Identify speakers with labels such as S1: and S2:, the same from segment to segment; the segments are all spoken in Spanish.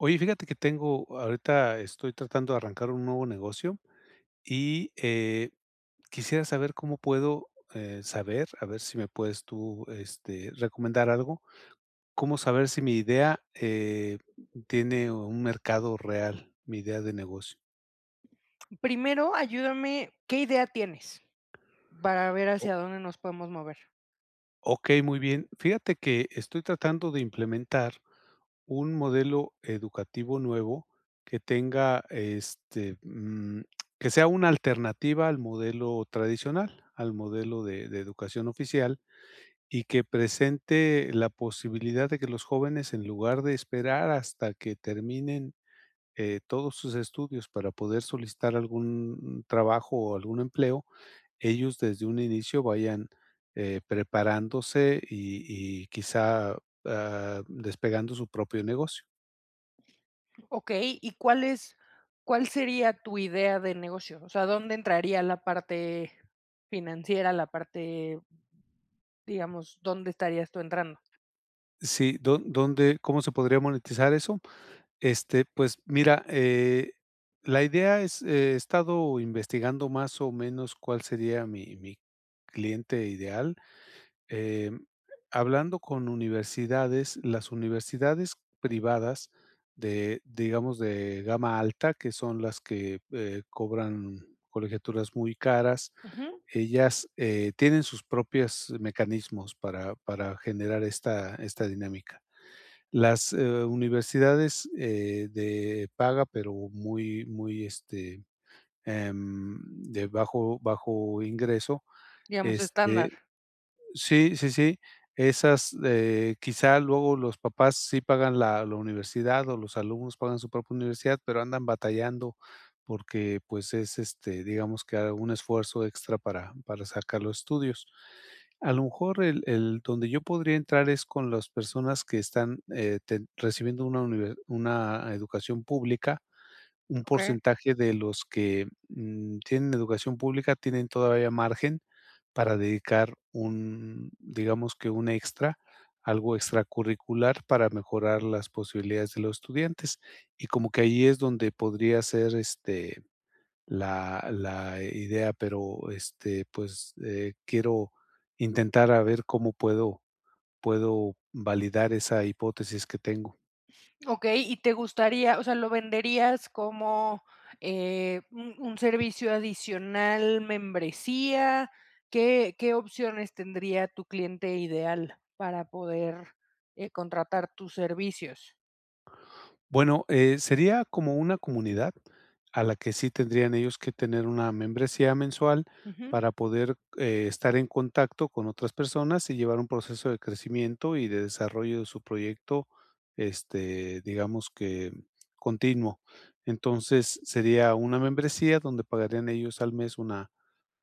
S1: Oye, fíjate que tengo ahorita estoy tratando de arrancar un nuevo negocio. Y, eh, quisiera saber cómo puedo, eh, saber, a ver si me puedes tú, este, recomendar algo. ¿Cómo saber si mi idea, eh, tiene un mercado real? Mi idea de negocio.
S2: Primero ayúdame, ¿qué idea tienes? Para ver
S1: O
S2: hacia dónde nos podemos mover.
S1: Okey, muy bien. Fíjate que estoy tratando de implementar un modelo educativo nuevo que tenga este, mm, que sea una alternativa al modelo tradicional, al modelo de de educación oficial. Y que presente la posibilidad de que los jóvenes, en lugar de esperar hasta que terminen, eh, todos sus estudios para poder solicitar algún n trabajo o algún empleo, ellos desde un inicio vayan, eh, preparándose, y y quizá, ah, despegando su propio negocio.
S2: Okey, ¿y cuál es cuál sería tu idea de negocio? O sea, ¿dónde entraría la parte financiera, la parte digamos, dónde estarías tú entrando?
S1: Sí, ¿do dónde cómo se podría monetizar eso? Este, pues mira, eh, la idea es, he estado investigando más o menos, cuál sería mi mi cliente ideal. Em, hablando con universidades, las universidades privadas de, digamos, de gama alta, que son las que, eh, cobran colegiaturas muy caras.
S2: Ujú.
S1: Ellas, eh, tienen sus propias mecanismos para para generar esta esta dinámica. Las, eh, u universidades, eh, de paga, pero muy muy, este, em, de bajo, bajo ingreso,
S2: Digamos
S1: este
S2: estándar.
S1: sí, sí, sí, esas, eh, quizá, luego los papás sí pagan la la universidad, o los alumnos pagan su propia universidad, pero andan batallando porque, pues es, este, digamos que un esfuerzo extra para para sacar los estudios. A lo mejor el el donde yo podría entrar es con las personas que están, eh, ten recibiendo una univer una educación pública, un
S2: Okey.
S1: porcentaje de los que, mm ,tienen educación pública tienen todavía margen para dedicar un, digamos que un extra. Algo extracurricular para mejorar las posibilidades de los estudiantes. Y como que ahí es donde podría ser, este, la la, eh, idea, pero, este, pues, eh, quiero intentar a ver cómo puedo puedo validar esa hipótesis que tengo.
S2: Okey, y te gustaría o sea, ¿lo venderías como, eh, un un servicio adicional, membresía? ¿Qué qué opciones tendría tu cliente ideal para poder, eh, contratar tus servicios?
S1: Bueno, eh, sería como una comunidad a la que sí tendrían ellos que tener una membresía mensual
S2: Ujú.
S1: para poder, eh, estar en contacto con otras personas y llevar un proceso de crecimiento y de desarrollo de su proyecto, este, digamos que continuo. Entonces, sería una membresía donde pagarían ellos al mes una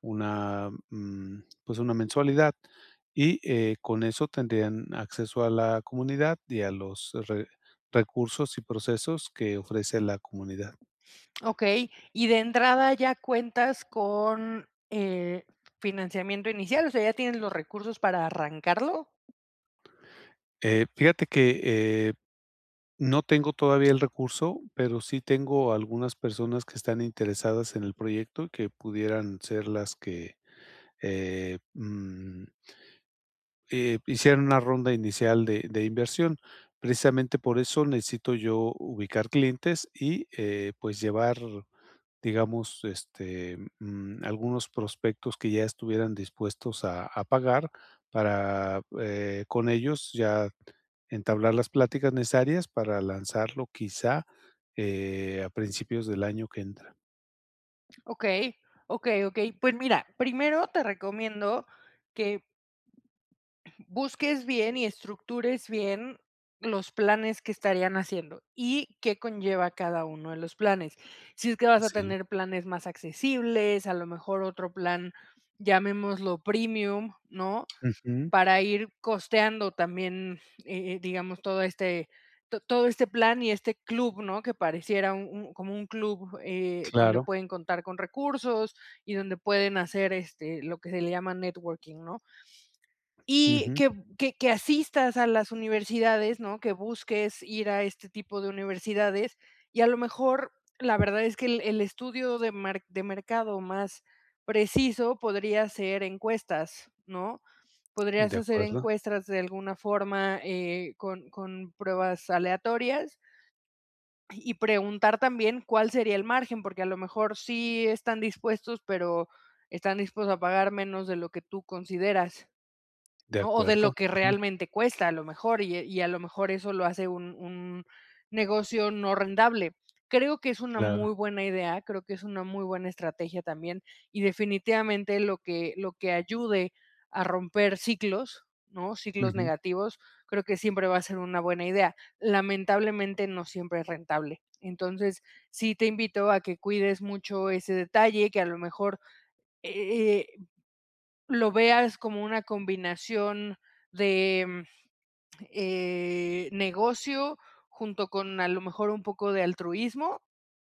S1: una, mm, pues, una mensualidad, y, eh, con esto tendrían acceso a la comunidad y a los re recursos y procesos que ofrece la comunidad.
S2: Okey. ¿Y de entrada ya cuentas con, eh, financiamiento inicial? O sea, ¿ya tienes los recursos para arrancarlo?
S1: Eh, fíjate que, eh, no tengo todavía el recurso, pero sí tengo algunas personas que están interesadas en el proyecto, que pudieran ser las que, eh, mm eh, hicieran una ronda inicial de de inversión. Precisamente por eso necesito yo ubicar clientes y, eh, pues, llevar, digamos, este, mm, algunos prospectos que ya estuvieran dispuestos a a pagar para, eh, con ellos ya entablar las pláticas necesarias para lanzarlo, quizá, eh, a principios del año que entra.
S2: Okey. Okey, okey. Pues mira, primero te recomiendo que busques bien y estructures bien, los planes que estarían haciendo, y qué conlleva cada uno de los planes. Si es que vas a
S1: Sí.
S2: tener planes más accesibles, a lo mejor, otro plan, llamémoslo, Premium, ¿no?
S1: Ujú.
S2: Para ir costeando también, eh eh, digamos, todo este to todo este plan, y este club, ¿no? Que pareciera un un como un club, eh, donde
S1: Claro.
S2: pueden contar con recursos, y donde pueden hacer, este, lo que se le llama, networking, ¿no? Y
S1: Ujú.
S2: que b que que asistas a las universidades, ¿no? Que busques ir, a este tipo de universidades, y a lo mejor La verdad es que, el el estudio de mar de mercado, más preciso, podría ser encuestas, ¿no? Podrías
S1: De
S2: hacer
S1: acuerdo.
S2: encuestas de alguna forma, eh, con con pruebas aleatorias. Y y preguntar también, cuál sería el margen. Porque a lo mejor, sí están dispuestos, pero, están dispuestos a pagar menos, de lo que tú consideras,
S1: De
S2: ¿no? O de lo
S1: acuerdo.
S2: que
S1: Ujú.
S2: realmente cuesta, a lo mejor. Y y a lo mejor, eso lo hace, un un negocio, no rentable. Creo que es una muy
S1: Claro.
S2: buena idea. Creo que es una muy buena estrategia, también. Y definitivamente, lo que lo que ayude, a romper ciclos, ¿no? Ciclos
S1: Ujú.
S2: negativos. Creo que siempre va a ser una buena idea. Lamentablemente, no siempre es rentable. Entonces, sí te invito, a que cuides mucho ese detalle, que a lo mejor, e eh, lo veas como una combinación de, mm, eh, negocio, junto con, a lo mejor, un poco de altruismo,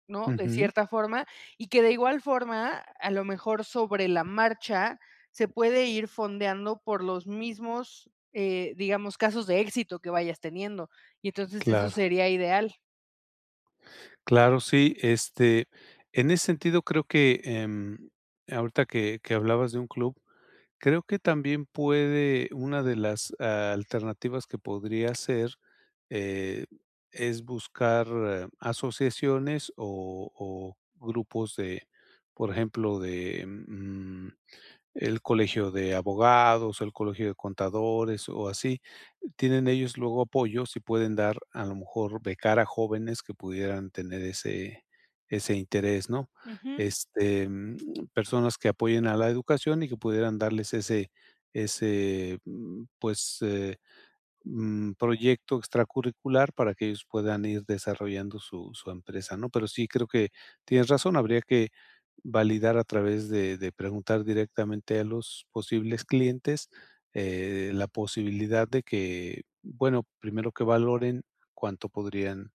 S2: ¿no?, de
S1: Ujú.
S2: cierta forma. Y que de igual forma, a lo mejor, sobre la marcha, se puede ir fondeando, por los mismos, eh, digamos, casos de éxito, que vayas teniendo. Y entonces eso
S1: Claro.
S2: sería ideal.
S1: Claro, sí, este, en ese sentido, creo que em, ahorita que que hablabas de un club. Creo que también puede Una de las alternativas que podría ser, eh, es buscar asociaciones, o o grupos de, por ejemplo, de, mm, el Colegio de Abogados, el Colegio de Contadores, o así. Tienen ellos, luego apoyos, y pueden dar a lo mejor, becar a jóvenes, que pudieran tener ese-ese interés, ¿no?
S2: Ujú.
S1: Este, mm, personas que apoyen a la educación, y que pudieran darles ese ese mm, pues, eh, mm, proyecto extra curricular, para que ellos puedan ir desarrollando su su empresa, ¿no? Pero sí creo, que, tienes razón. Habría que validar, a través de de preguntar, directamente a los posibles clientes, eh, la posibilidad de que Bueno, primero que valoren, cuánto podrían,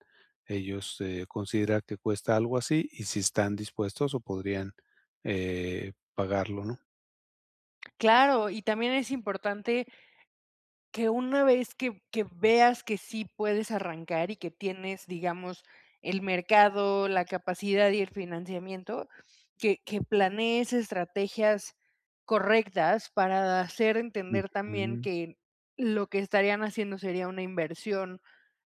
S1: ellos, eh, considerar, que cuesta algo así. Y si están dispuestos, o podrían, eh, pagarlo, ¿no?
S2: Claro, y también es importante que una vez, que que veas, que sí puedes arrancar, y que tienes, digamos, el mercado, la capacidad y el financiamiento. Que que planees estrategias correctas, para hacer entender, también,
S1: Ujú.
S2: que lo que estarían haciendo, sería una inversión,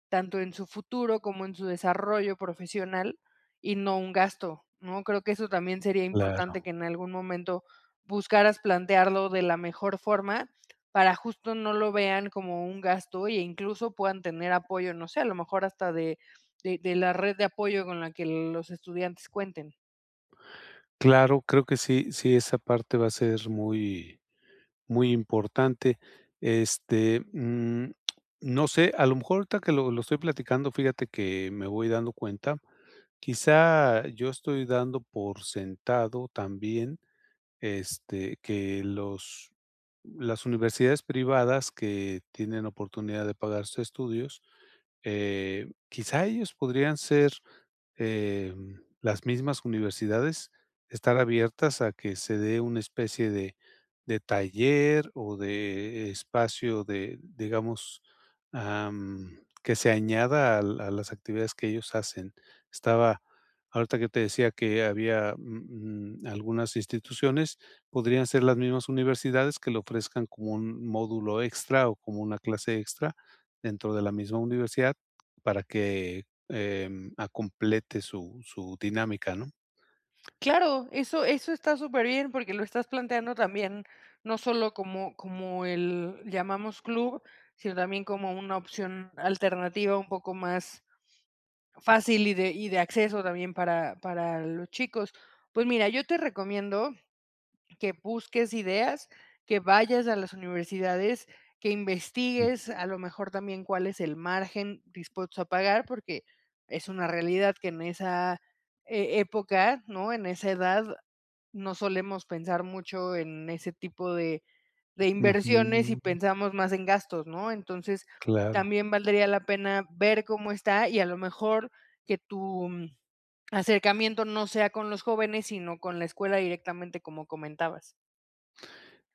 S2: tanto en su futuro, como en su desarrollo profesional, y no un gasto, ¿no? Creo que eso, también sería importante.
S1: Claro.
S2: Que en algún momento, buscaras plantearlo, de la mejor forma, para, justo, no lo vean como un gasto, y e incluso, puedan tener apoyo. No sé, a lo mejor hasta de de de la red de apoyo, con la que, los estudiantes cuenten.
S1: Claro, creo que sí. Sí, esa parte va a ser muy muy importante. Este, mm, no sé, a lo mejor, ahorita que lo lo estoy platicando, fíjate que, me voy dando cuenta Quizá, yo estoy dando por sentado, también, este, que los las universidades privadas, que tienen oportunidad, de pagar sus estudios, eh, quizá, ellos podrían ser, eh, mm, las mismas universidades, estar abiertas, a que se dé una especie de de taller, o de espacio de Digamos, am, que se añada al a las actividades, que ellos hacen. Estaba, ahorita, que te decía, que había, mm, algunas instituciones. Podrían ser las mismas universidades, que lo ofrezcan, como un módulo extra, o como una clase extra, dentro de la misma universidad, para que, em, ah, complete su su dinámica, ¿no?
S2: Claro. Eso eso está super bien. Porque lo estás planteando también, no sólo, como como el llamamos club, sino también, como una opción alternativa, un poco más fácil, y de y de acceso, también para para los chicos. Pues mira, yo te recomiendo, que busques ideas, que vayas a las universidades. Que investigues, a
S1: Ujú.
S2: lo mejor, también, cuál es el margen, dispuestos a pagar. Porque es una realidad, que en esa, eh, época, ¿no? En esa edad, no solemos pensar mucho, en ese tipo de de inversiones, y
S1: Ujú.
S2: pensamos más en gastos, ¿no? Entonces,
S1: Claro.
S2: también valdría la pena, ver cómo está. Y a lo mejor, que tu acercamiento, no sea con los jóvenes, sino con la escuela directamente, como comentabas.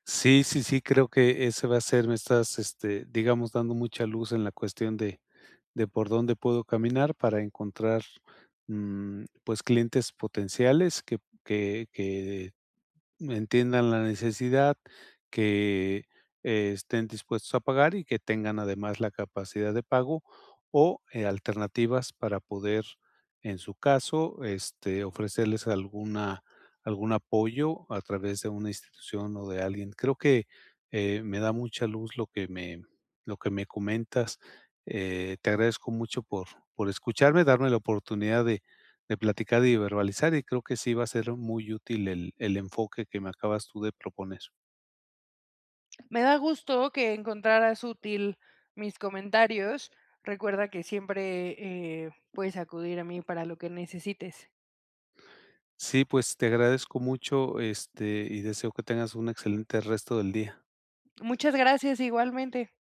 S1: Sí, sí, sí. Creo que ese va a ser Me estás, este, digamos, dando mucha luz, en la cuestión de de, por dónde puedo caminar, para encontrar, mm, pues, clientes potenciales, que que que, mm, entiendan la necesidad. Que estén dispuestos a pagar, y que tengan, además, la capacidad de pago. O, eh, alternativas para poder, en su caso, este, ofrecerles alguna algún apoyo, a través de una institución, o de alguien. Creo que, eh, me da mucha luz, lo que me lo que me comentas. Eh, te agradezco mucho, por por escucharme. Darme la oportunidad de de platicar, y verbalizar. Y creo que sí, va a ser muy útil el el enfoque, que me acabas tú de proponer.
S2: Me da gusto que encontraras útil mis comentarios. Recuerda que siempre, eh, puedes acudir a mí, para lo que necesites.
S1: Sí. Pues, te agradezco mucho. Este, y deseo que tengas un excelente, resto del día.
S2: Muchas gracias. Igualmente.